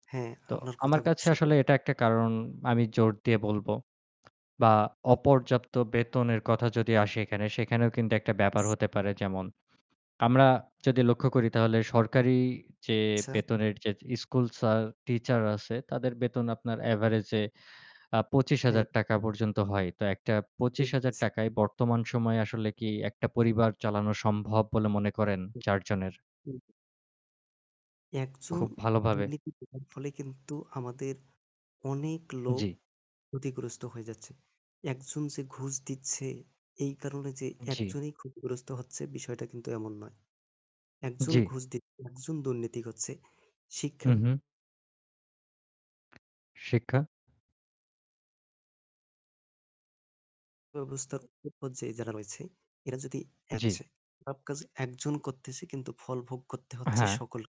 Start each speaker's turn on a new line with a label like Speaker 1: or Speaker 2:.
Speaker 1: হ্যাঁ,
Speaker 2: তো
Speaker 1: আপনার
Speaker 2: আমার
Speaker 1: কথাগুল
Speaker 2: কাছে
Speaker 1: সত্য।
Speaker 2: আসলে এটা একটা কারণ আমি জোর দিয়ে বলব। বা অপর্যাপ্ত বেতনের কথা যদি আসে এখানে সেখানেও কিন্তু একটা ব্যাপার হতে পারে। যেমন আমরা যদি লক্ষ্য করি তাহলে সরকারি যে
Speaker 1: আচ্ছা।
Speaker 2: বেতনের যে স্কুল স্যার, টিচার আছে তাদের বেতন আপনার average এ আ পঁচিশ
Speaker 1: হ্যাঁ।
Speaker 2: হাজার টাকা পর্যন্ত হয়। তো একটা পঁচিশ
Speaker 1: ঠিক
Speaker 2: হাজার
Speaker 1: বলেছেন।
Speaker 2: টাকা য় বর্তমান সময়ে আসলে কি একটা পরিবার চালানো সম্ভব বলে মনে করেন
Speaker 1: হু,
Speaker 2: ৪ জনের?
Speaker 1: হুম। একজন
Speaker 2: খুব ভালোভাবে।
Speaker 1: দুর্নীতি করার ফলে কিন্তু আমাদের অনেক লোক
Speaker 2: জি।
Speaker 1: ক্ষতিগ্রস্ত হয়ে যাচ্ছে। একজন যে ঘুষ দিচ্ছে এই কারণে যে
Speaker 2: জি।
Speaker 1: একজনই ক্ষতিগ্রস্ত হচ্ছে বিষয়টা কিন্তু এমন নয়। একজন
Speaker 2: জি।
Speaker 1: ঘুষ দিচ্ছে একজন দুর্নীতি করছে।
Speaker 2: হু,
Speaker 1: শিক্ষা
Speaker 2: হুম। শিক্ষা।
Speaker 1: ব্যবস্থার উপর যে যারা রয়েছে। এরা যদি
Speaker 2: জি।
Speaker 1: হচ্ছে, সব কাজ একজন করতেছে কিন্তু ফল ভোগ করতে
Speaker 2: আ
Speaker 1: হচ্ছে
Speaker 2: হ্যাঁ।
Speaker 1: সকল